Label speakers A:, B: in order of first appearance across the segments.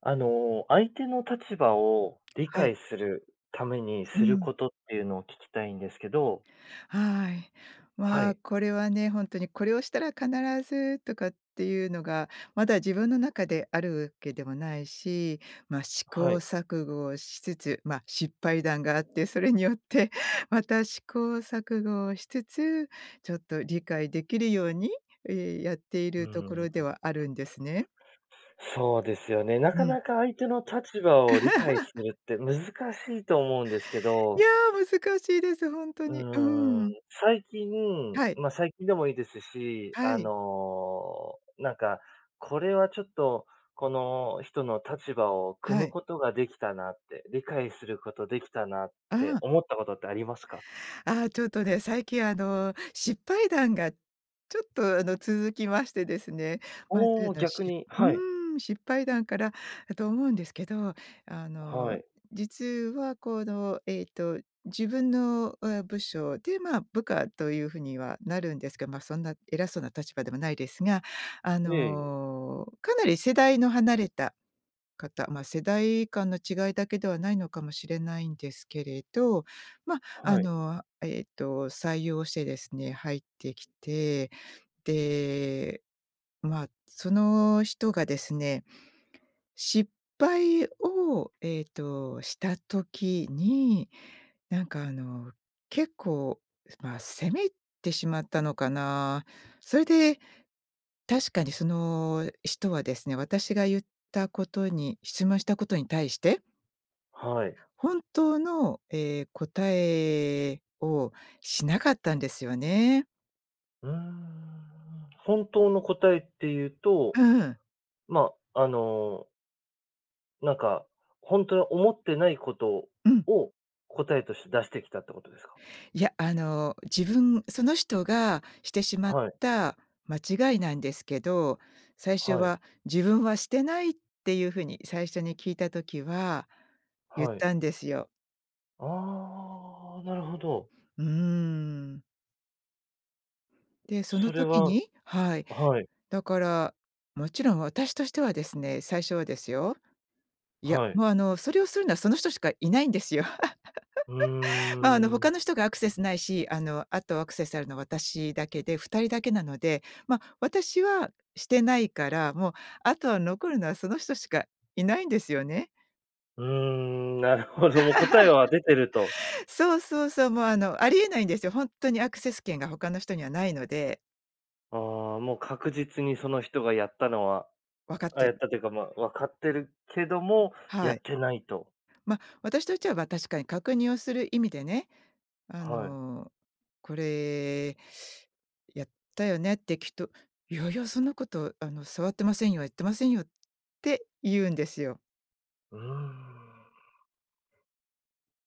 A: あの、相手の立場を理
B: はい。
A: 解するために、
B: う
A: する
B: ん。
A: ことっていうのを聞きたいんですけど。
B: はい。
A: は
B: ま、
A: い。
B: これはね、ほんとにこれをしたら必ずとかっていうのが、まだ自分の中であるわけでもないし、ま、試
A: は
B: 行
A: い。
B: 錯誤をしつつ、ま、失敗談があって、それによって、また試行錯誤をしつつ、ちょっと理解できるように、やってい
A: う
B: るとこ
A: ー
B: ろでは
A: ん。
B: あるんですね。
A: そうですよね。な
B: う
A: か
B: ん。
A: なか相手の立場を理解す るって難しいと思うんですけ
B: や
A: ど。
B: あ、難しいです、ほんと
A: う
B: に、う
A: ー
B: ー
A: ん、
B: ん。
A: 最近、
B: はい。
A: ま、最近でもいいですし、
B: は
A: あ
B: い。
A: のなんか、これはちょっと、この人の立場を汲
B: は
A: む
B: い。
A: ことができたなって、理解することできたなっ
B: あ
A: て、
B: あ。
A: 思ったことってありますか？
B: ああ、ちょっとね、最近あの失敗談がちょっと、あの、続きましてですね。ま
A: お
B: ず、
A: お、
B: あの、
A: 逆
B: しっ
A: に。
B: う
A: はい。
B: ーん、失敗談からだと思うんですけど、あ
A: は
B: の
A: い。
B: 実は、この、えっと、自分の部署で、まあ、部下という風にはなるんですけど、ま、そんな偉そうな立場でもないですが、あ
A: ええ。
B: のかなり世代の離れた方、ま、世代間の違いだけではないのかもしれないんですけれど。ま、あ
A: はい。
B: の、えっと、採用してですね、入ってきて、で、まあ、その人がですね、失敗を、えっと、した時に、なんかあの結構、ま、責めてしまったのかな。それで、確かにその人はですね、私が言ったことに質問したことに対して
A: はい。
B: 本当の、え、答えをしなかったんですよね。
A: うーん、本当の答えっていう
B: う
A: と、
B: んうん。
A: まあ、あのなんか、本当は思ってないこと
B: うん。
A: を答えとして出してきたってことですか？
B: いや、あの自分その人がしてしまっ
A: はい。
B: た間違いなんですけど、最初
A: はい。
B: は「自分はしてない」っていう風に最初に聞いた時は言っ
A: はい。
B: たんですよ。
A: ああ、なるほど。
B: うーん。で、その
A: それ
B: 時
A: は
B: にはい。
A: はい。
B: だから、もちろん私としてはですね、最初はですよ。いや、
A: はい。
B: もうあのそれをするのはその人しかいないんですよ。
A: う
B: ま、あの
A: ーん。
B: 他の人がアクセスないし、あの、あとアクセスあるのは私だけで2人だけなので、ま、私はしてないから、もう、あとは残るのはその人しかいないんですよね。
A: うーん、なるほど、もう答えは出てると。
B: そうそうそう。もうあの、ありえないんですよ。本当にアクセス権が他の人にはないので。
A: ああ、もう確実にその人がやったのは、
B: 分かっ
A: あ、
B: て
A: やっ
B: る。
A: たというか、まあ、分かってるけども、や
B: はい。
A: ってないと。
B: ま、私としては、ま、確かに確認をする意味でね、あ
A: はい。
B: の「これ、やったよね？」って、聞と「いやいやそんなこと、あの、触ってませんよ、やってませんよ」って言うんですよ。
A: うーん。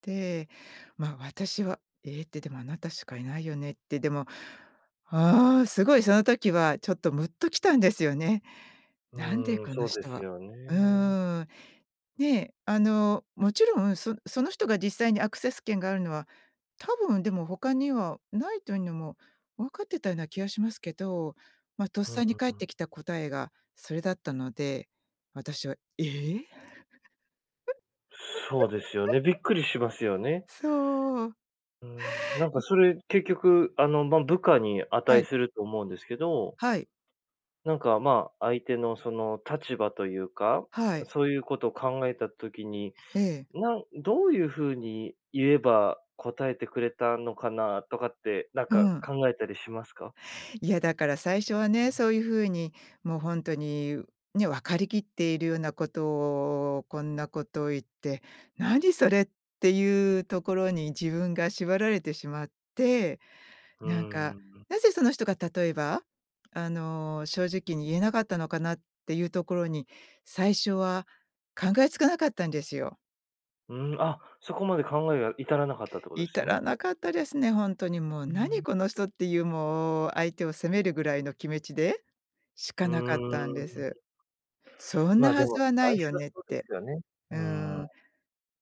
B: で、ま、私は「え？」って「でも、あなたしかいないよね？」って、でも、ああ、すごいその時はちょっとムッときたんですよね。
A: う
B: なんで
A: ーん、
B: この
A: そうで
B: 人
A: す
B: は
A: よ
B: う
A: ね。
B: ん。ね、あの、もちろんそその人が実際にアクセス権があるのは、多分でも他にはないというのも分かってたような気がしますけど、まあ、とっ
A: ふ、うん
B: さに返
A: う
B: っ
A: ん。
B: てきた答えがそれだったので、私は「え？」
A: そうですよね、びっくりしますよ ね。
B: そう。
A: うん、なん
B: う
A: か
B: ん。
A: それ、結局あの、ま、部下に
B: は
A: 値
B: い。
A: すると思うんですけど
B: はい。
A: なんか、ま、相手のその立場というか、
B: はい。
A: そういうことを考えた時に、
B: ええ。
A: なんどういう風に言えば、答えてくれたのかなとかって、なん
B: う
A: か
B: ん。
A: 考えたりしますか？
B: いや、だから最初はね、そういう風にもうほんとにね、わかりきっているようなことを、こんなことを言って「何それ？」っていうところに自分が縛られてしまって、
A: う
B: なんか、
A: ーん。
B: なぜその人が例えば、あの、正直に言えなかったのかなっていうところに、最初は考えつかなかったんですよ。
A: うん、あ、そこまで考えが至らなかったってことです
B: 至ら
A: ね？
B: なかったですね、ほんとにもう
A: うー
B: 「何
A: ん。
B: この人？」っていうもう相手を責めるぐらいの気めちでし
A: う
B: かなかったんで
A: ーん。
B: す。そん
A: ま
B: な
A: あ、で
B: はず
A: も、
B: はな
A: 最
B: いよ
A: 初は
B: ねっ
A: そうです
B: て、
A: けどね。う
B: う
A: ん。
B: ん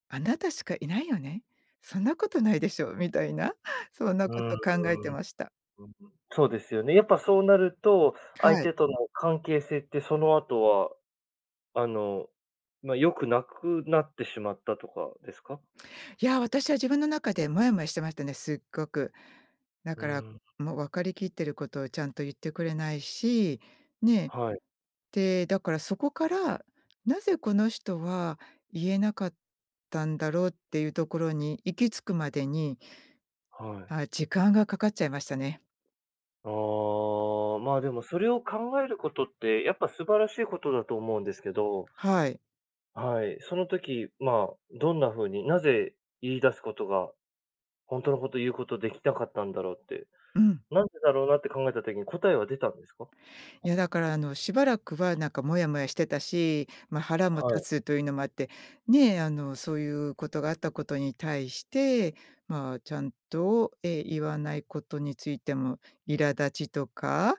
B: 「あなたしかいないよね、そんなことないでしょう」みたいなそんな
A: うー
B: こ
A: ん、うん
B: と考えてました。
A: うん、そうですよね、やっぱそうなると、相
B: はい。
A: 手との関係性ってその後は、あの、ま、良くなくなってしまったとかですか？
B: いや、私は自分の中でモヤモヤしてましたね、すっごく。だ
A: う
B: から
A: ん。
B: もう分かりきってることをちゃんと言ってくれないし、ね。
A: はい。
B: で、だからそこから「なぜこの人は言えなかったんだろう？」っていうところに行き着くまでに、
A: はい。
B: はい、時間がかかっちゃいましたね。
A: ああ。まあ、でもそれを考えることって、やっぱ素晴らしいことだと思うんですけど
B: はい。
A: はい、その時、まあ、どんな風に、なぜ言い出すことが、ほんとのこと言うことできたかったんだろうって、
B: うん。
A: なんでだろうなって考えた時に答えは出たんですか？
B: いやだから、あの、しばらくはなんかモヤモヤしてたし、ま、腹も
A: は
B: 立
A: い。
B: つというのもあって、ね、あの、そういうことがあったことに対して、まあ、ちゃんと、ええ、言わないことについても、苛立ちとか、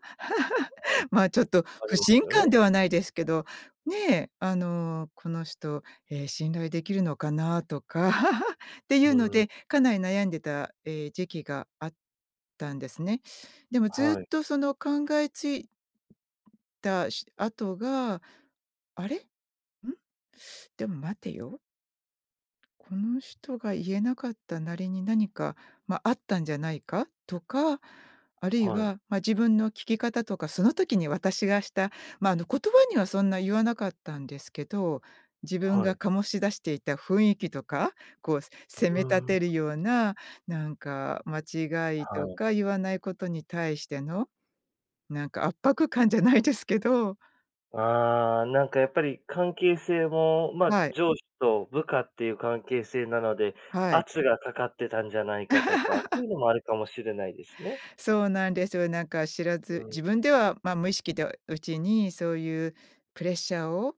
A: はい。
B: まあちょっと
A: あ
B: 不
A: りま
B: 信
A: すよ
B: 感
A: ね。
B: ではないですけど、ねえ、あの、この人、え、信頼できるのかな？とか、っていうの
A: うん。
B: で、かなり悩んでた、ええ、時期があったんですね。でもず
A: は
B: っ
A: い。
B: とその考えついたし後が「あれ？うん、でも待てよ」「この人が言えなかったなりに何か、ま、あったんじゃないか？」とか、あるい
A: はい。
B: は、ま、自分の聞き方とかその時に私がした、ま、あの、言葉にはそんな言わなかったんですけど、自分
A: は
B: が
A: い。
B: 醸し出していた雰囲気とか、こうせ
A: う
B: 責め立
A: ーん。
B: てるような、なんか、間違い
A: は
B: と
A: い。
B: か言わないことに対してのなんか、圧迫感じゃないですけど。
A: ああ、なんかやっぱり関係性も、ま、
B: はい。
A: 上司と部下っていう関係性なので、
B: はい。
A: 圧が掛かってたんじゃないかとか、そう いうのもあるかもしれないですね。
B: そうなんですよ。なんか知ら
A: う
B: ず、
A: ん。
B: 自分では、ま、無意識とうちに、そういうプレッシャーを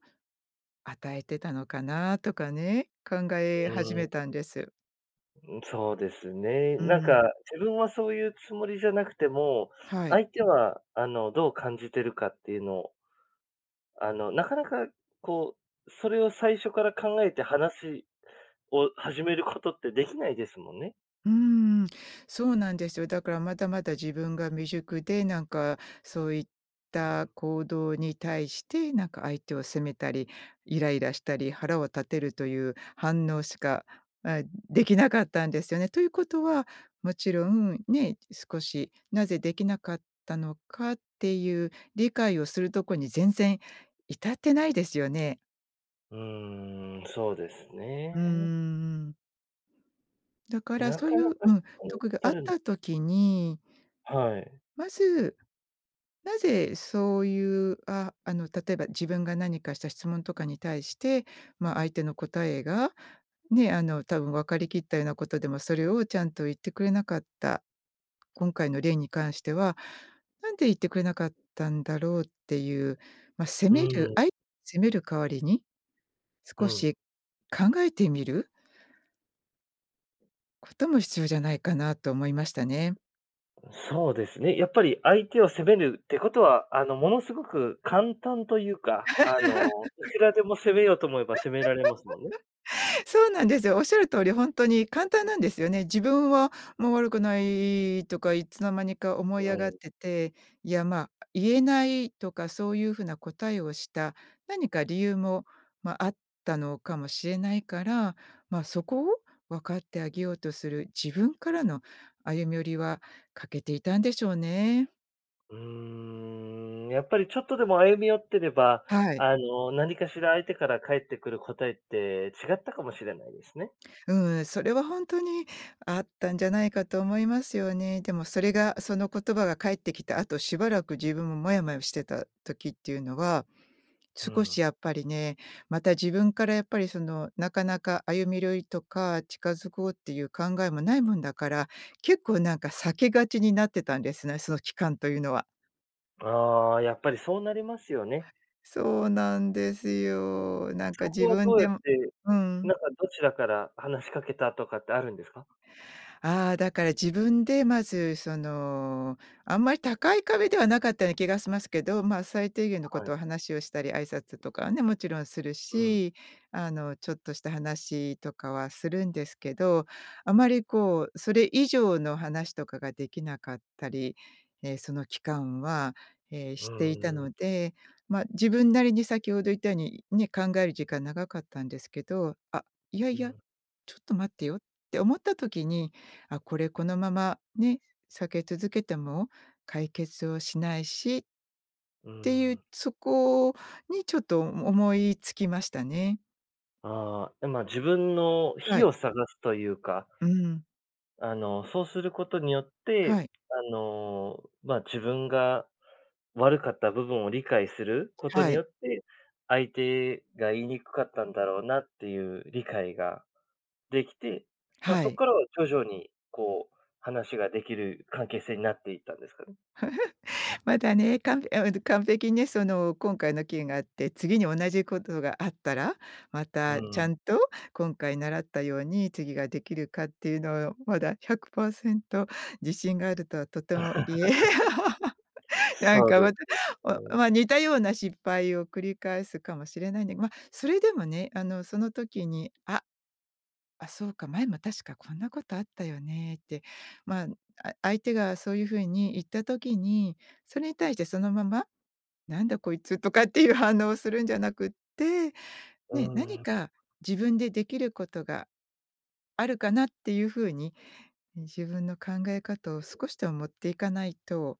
B: 与えてたのかなとかね、考
A: うーん。
B: え始めたんです。
A: ん、そうですね。
B: う
A: なん
B: んうん。
A: か、自分はそういうつもりじゃなくても、
B: はい。
A: 相手は、あの、どう感じてるかっていうのをあの、なかなかこう、それを最初から考えて、話を始めることって出来ないですもんね。
B: うーん、そうなんですよ。だから、まだまだ自分が未熟で、なんかそういっ
A: うん。
B: た行動に対して、なんか相手を責めたり、イライラしたり、腹を立てるという反応しか、あ、出来なかったんですよね。ということは、もちろん、ね、少し、何故出来なかったのかっていう理解をするとこに全然至ってないですよね。
A: うーん、そうです
B: うんう
A: ね。
B: んうん。だから、
A: な
B: そうい
A: かな
B: う
A: か
B: う
A: そ
B: ん、
A: こ
B: と
A: に
B: こがあ
A: 至
B: っ
A: るの
B: た時に
A: はい。
B: まず、なぜそういうあ、あの例えば自分が何かした質問とかに対して、ま、相手の答えが、ね、あの多分分かりきったようなことでもそれをちゃんと言ってくれなかった。今回の例に関しては何で言ってくれなかったんだろうっていう、ま、責
A: う
B: める、
A: ん。
B: あい責める代わりに、
A: う
B: 少
A: ん。
B: し考えてみることも必要じゃないかなと思いましたね。
A: うそうですね。やっぱり相手を責めるってことはあの、ものすごく簡単というか、あの、いくらでも攻めようと思えば責められますもんね。
B: そうなんですよ。おっしゃる通りほんとに簡 単なんですよね。「自分はもう悪くない」とかいつの間にか思い
A: う
B: 上がっ
A: ん。
B: てて、いや、ま、「言えない」とかそういう風な答えをした何か理由も、ま、あったのかもしれないから、ま、そこを分かってあげようとする自分からの歩み寄りは欠けていたんでしょうね。
A: うーん、やっぱり、ちょっとでも歩み寄ってれば、
B: はい。
A: あの、何かしら相手から返ってくる答えって違ったかもしれないですね。
B: うん。それは、本当にあったんじゃないかと思いますよね。でもそれが、その言葉が返ってきた後、しばらく自分もモヤモヤしてた時っていうのは、
A: う
B: 少し
A: ん。
B: やっぱりね、また自分から、やっぱり、そのなかなか歩み寄りとか、近づこうっていう考えもないもんだから、結構なんか避けがちになってたんですね。その期間というのは。
A: ああ、やっぱり、そうなりますよね。
B: そうなんです
A: そうやって、
B: よ。なんか
A: そこ
B: 自
A: はど
B: 分
A: うや
B: で
A: っ
B: も
A: て、
B: う
A: な
B: ん。
A: んか、どちらから話しかけたとかってあるんですか？
B: ああ、だから自分で、まず、そのあんまり高い壁ではなかったような気がしますけど、まあ、最低限の
A: は
B: 事
A: い。
B: を話をしたり挨拶とかはね勿論する
A: うん。
B: し、あの、ちょっとした話とかはするんですけど、あまり、こう、それ以上の話とかが出来なかったり。ええ、その期間は
A: う
B: していた
A: ーん。
B: ので、ま、自分なりに先程言ったようにね、考える時間長かったんですけど、あ、いや
A: う
B: いや、
A: ん。
B: ちょっと待ってよって思った時に、あ、これこのままね、避け続けても解決をしないしっ
A: うー
B: て言う、
A: ん。
B: そこにちょっと思い付きましたね。
A: ああ、え、ま、自分の
B: は
A: 非
B: い。
A: を探すというか
B: うん。
A: あの、そうすることによって、
B: はい。
A: あの、ま、自分が悪かった部分を理解すること
B: は
A: に
B: い。
A: よって、相手が言いにくかったんだろうなっていう理解ができて、ま、
B: は
A: そっ
B: い。
A: からは徐々に、こう、話ができる関係性になっていったんですかね？
B: まだね、かんぺあ、えっと、完璧ね、その今回の件があって、次に同じことがあったら、ま
A: う
B: たち
A: んう
B: ゃ
A: ん。
B: んと今回習ったように次ができるかっていうのをまだ100%自信があるとはとても言え なん
A: そう
B: か
A: で
B: ま
A: す
B: た、
A: よ
B: お
A: ね。
B: ま、似たような失敗を繰り返すかもしれないんで。ま、それでもね、あの、その時に、あ、「あ、そうか、前も確かこんなことあったよね」って、まあ、うん、あ相手がそういう風に言った時に、それに対してそのまま「なんだこいつ」とかっていう反応をするんじゃなくって、
A: う
B: ね、何
A: ん。
B: か自分でできることがあるかなっていう風に、ね、自分の考え方を少しでも持っていかないと。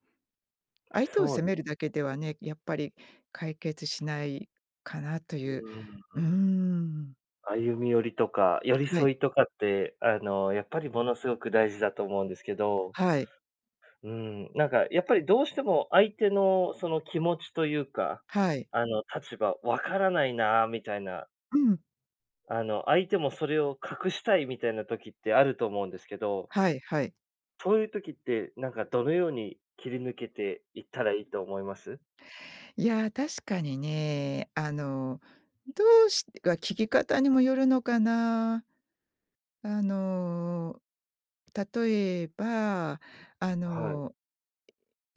B: 相手を
A: そう
B: 責
A: でね。
B: めるだけではね、やっぱり解決しないかなとい
A: う
B: う。
A: ー
B: うー
A: ん。
B: ん。
A: 歩み寄りとか、寄り
B: はい。
A: 添いとかって、あの、やっぱりものすごく大事だと思うんですけど
B: はい。
A: うん、なんかやっぱりどうしても相手のその気持ちというか、
B: はい。
A: あの、立場分からないなみたいな
B: うん。
A: あの、相手もそれを隠したいみたいな時ってあると思うんですけど
B: はいはい。
A: そういう時って、なんかどのように切り抜けていったらいいと思います？
B: いや、確かにね、あのどうしが聞き方にもよるのかな。あの、例えば、あ
A: あ、はい。
B: の、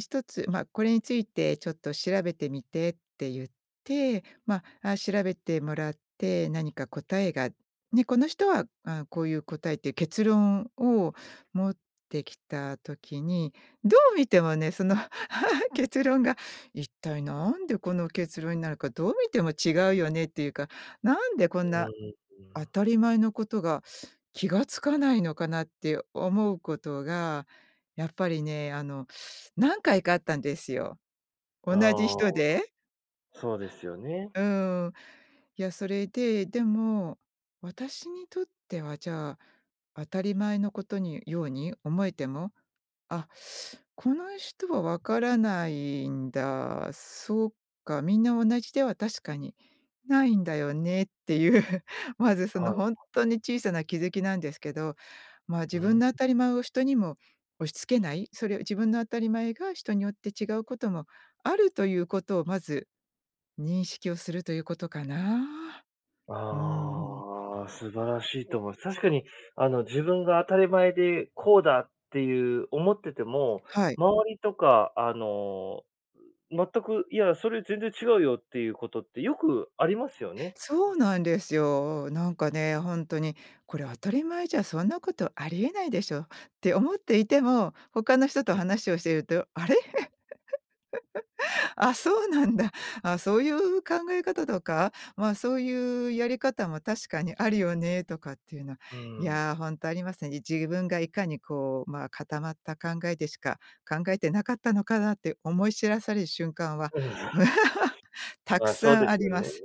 B: 「1つ、ま、「これについてちょっと調べてみて」って言って、ま、あ、調べてもらって、何か答えがね、この人は、ああ、こういう答えっていう結論を持ってきた時に、どう見てもね、その 結論が一体何でこの結論になるか、どう見ても違うよねっていうか、なんでこ
A: う
B: んな、
A: ー
B: 当
A: ん。
B: たり前のことが気が付かないのかなって思うことがやっぱりね、あの、何回かあったんですよ、
A: あ
B: 同じ
A: あ、
B: 人で。
A: そうですよね。
B: うーん、いや、それで、でも私にとっては、じゃあ、当たり前のことにように思えても、あ、この人は分からないんだ。そっか、みんな同じでは確かにないんだよねっていう、まずそ
A: はい
B: のほん
A: はい。
B: とに小さな気付きなんですけど、まあ
A: う
B: 自分
A: ん。
B: の当たり前を人にも押し付けない、それを、自分の当たり前が人によって違うこともあるということをまず、認識をするということかな。うーん。
A: ああ、素晴らしいとおもす。確かに、あの、自分が当たり前でこうだっていう思ってても、
B: はい。
A: 周りとかあの、全く、いや、それ全然違うよっていうことってよくありますよね。
B: そうなんですよ。なんかね、ほんとに、これ当たり前じゃそんなことありえないでしょって思っていても他の人と
A: うん。
B: 話をしているとあれ？あ、そうなんだ。あ、そういう考え方とか、まあ、そういうやり方も確かにあるよね、とかっていうのは、
A: うー
B: いや、
A: ん。
B: ほんとありますね。自分がいかにこう、まあ、固まった考えでしか考えてなかったのかなって思い知らされる瞬間は
A: うん。
B: たく
A: まあ、そう
B: さ
A: で
B: んあ
A: す
B: り
A: よ
B: ま
A: ね。
B: す。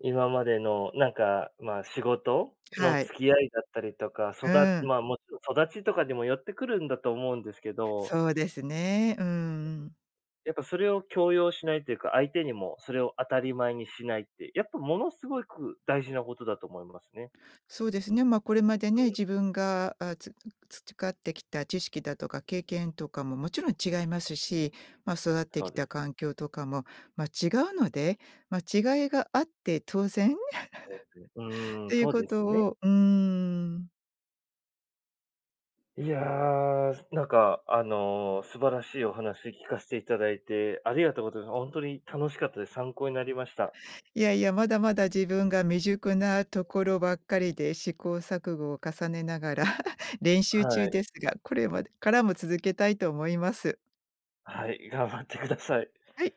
A: 今までのなんか、まあ、仕事の
B: はい。
A: 付き合いだったりとか、そ
B: う
A: だ
B: ーん。
A: まあ、もちろん育ちとかにもよってくるんだと思うんですけど
B: そうですね、うー
A: うん。
B: ん。
A: やっぱそれを強要しないっていうか、相手にもそれを当たり前にしないって、やっぱものすごいく大事なことだと思いますね。
B: そうですね。ま、これまで
A: う
B: ね、
A: ん。
B: 自分が、あ、つ培ってきた知識だとか経験とかももちろん違いますし、ま、育って
A: そ
B: き
A: うで
B: た
A: す。
B: 環境とかも、ま、違うので、ま、違いがあって当然
A: [unintelligible] う
B: っ
A: ーん、
B: ていう
A: そう
B: こ
A: です
B: と
A: ね。
B: をうーん。
A: いや、ずなんかあの、素晴らしいお話聞かしていただいて、ありがとうって、あ、ほんとに楽しかったです、参考になりました。
B: いやいや、まだまだ自分が未熟なところばっかりで試行錯誤を重ねながら 練習中
A: はい。
B: ですが、これまでからも続けたいと思います。
A: はい、頑張ってください。
B: はい。